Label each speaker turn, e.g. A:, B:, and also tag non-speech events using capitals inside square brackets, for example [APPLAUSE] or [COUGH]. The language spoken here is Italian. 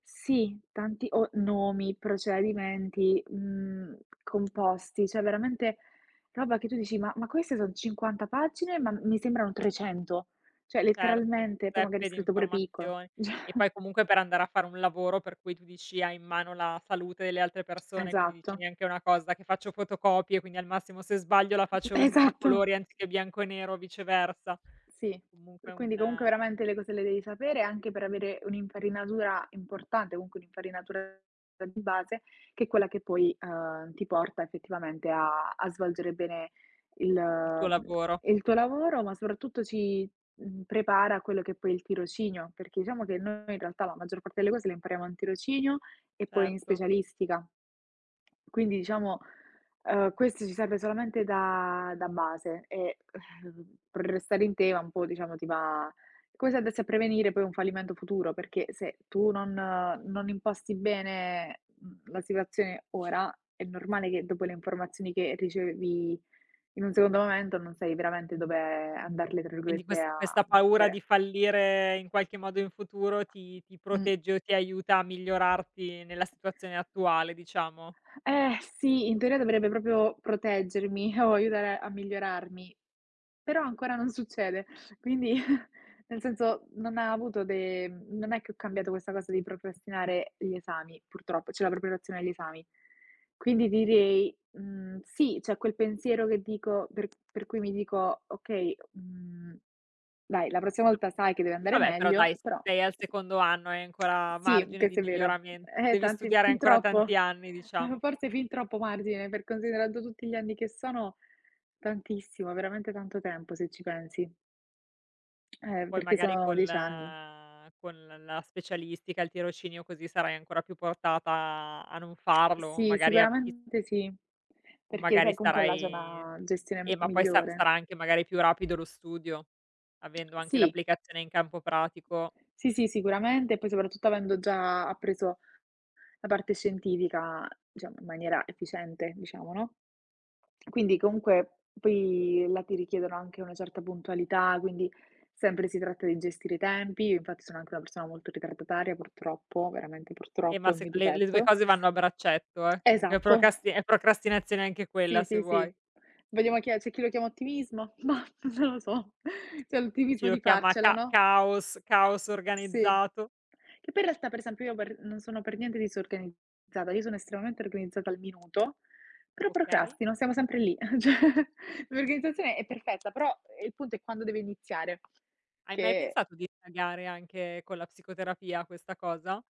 A: Sì, tanti o nomi, procedimenti, mhmm, composti; cioè, veramente roba che tu dici: “Ma ma queste son 50 pagine, ma mi sembrano 300.” Cioè,
B: Certo,
A: letteralmente, poi magari
B: zeppe di
A: scritto pure piccolo.
B: informazioni. E
A: [CHUCKLES]
B: poi comunque per andare a fare un lavoro per cui tu dici: “Hai in mano la salute delle altre persone”, quindi dici:
A: Esatto.
B: “Neanche una cosa che faccio fotocopie, quindi al massimo se sbaglio la
A: Mh mh
B: faccio in a
A: Esatto!
B: colori anziché bianco e nero o viceversa”.
A: Sì,
B: Comunque
A: pre
B: un
A: quindi comunque veramente le cose le devi sapere, anche per avere un'infarinatura importante, comunque un'infarinatura, ehm, di base, che è quella che poi, uhm, ti porta effettivamente a a svolgere bene il
B: Il tuo
A: mhmm,
B: lavoro.
A: il tuo lavoro, ma soprattutto ci, mhmm, prepara a quello che poi è il tirocinio, perché diciamo che noi in realtà la maggior parte delle cose le impariamo al tirocinio e poi in
B: Certo.
A: specialistica. Quindi diciamo, uhm, questo ci serve solamente da da base e, uhm, per restare in tema un po', diciamo, ti va come se andassi a prevenire poi un fallimento futuro, perché se tu non non imposti bene, mhmm, la situazione ora, è normale che dopo le informazioni che che ricevevi in un secondo momento non sai veramente dove andarle, tra
B: Quindi
A: virgolette,
B: quest
A: a
B: questa paura
A: "mettere".
B: di fallire in qualche modo in futuro ti ti
A: Mh.
B: protegge o ti aiuta a migliorarti nella situazione attuale, diciamo?
A: Eh, sì. In teoria dovrebbe proprio proteggermi o aiutare a migliorarmi, però ancora non succede. Quindi [CHUCKLES] nel senso, non ha avuto de non è che ho cambiato questa cosa di procrastinare gli esami, purtroppo, cioè la preparazione agli esami. Quindi direi, mhmm, sì, c'è quel pensiero che dico per per cui mi dico: “Okay, mhmm, dai, la prossima
B: Ah.
A: volta sai che deve andare
B: Vabbè, però
A: meglio”;
B: dai,
A: però
B: sei al
A: [TSK]
B: secondo anno, hai ancora
A: sì,
B: margine di
A: questo è vero.
B: miglioramen
A: Eh,
B: devi
A: tanti
B: studiare
A: fin
B: ancora tanti
A: troppo.
B: anni,
A: Uhm,
B: diciamo.
A: forse fin troppo margine, per considerando tutti gli anni che sono; tantissimo, veramente tanto tempo, se ci pensi. Eh,
B: Poi
A: perché
B: magari
A: sono
B: col
A: 10 anni.
B: con l la specialistica, il tirocinio, così, sarai ancora più portata a a non farlo,
A: Sì,
B: magari a ti
A: sicuramente sì.
B: O
A: Perché
B: magari
A: sai, comunque là c'è
B: starai
A: una gestione
B: eh,
A: m
B: ma poi sa
A: migliore.
B: sarà anche magari più rapido lo studio, avendo anche
A: Sì.
B: l'applicazione in campo pratico.
A: Sì, sì, sicuramente, e poi soprattutto avendo già appreso la parte scientifica, diciamo, in maniera efficiente, diciamo, no. Quindi, comunque, poi là ti richiedono anche una certa puntualità, quindi sempre si tratta di gestire i tempi. Infatti sono anche una persona molto ritardataria, purtroppo, veramente
B: Eh,
A: purtroppo,
B: ma
A: è un
B: se
A: mio
B: le le 2
A: difetto
B: cose vanno a braccetto, eh. Comunque
A: Esatto.
B: procasti è procrastinazione anche
A: Sì,
B: quella, se
A: sì, sì.
B: vuoi.
A: Vediamo chi è c'è chi lo chiama ottimismo, mah, non lo so. C'è
B: Chi
A: l'ottimismo
B: lo
A: di
B: chiama
A: farcela,
B: ca
A: no?
B: caos, caos
A: Sì.
B: organizzato.
A: Che poi in realtà, per esempio, io per non sono per niente disorganizzata, io sono estremamente organizzata al minuto, però
B: Okay.
A: procrastino, siamo sempre lì. Ehm, cioè, l'organizzazione è perfetta, però, ehm, il punto è quando deve iniziare,
B: Hai mai
A: che
B: pensato di indagare anche con la psicoterapia questa cosa?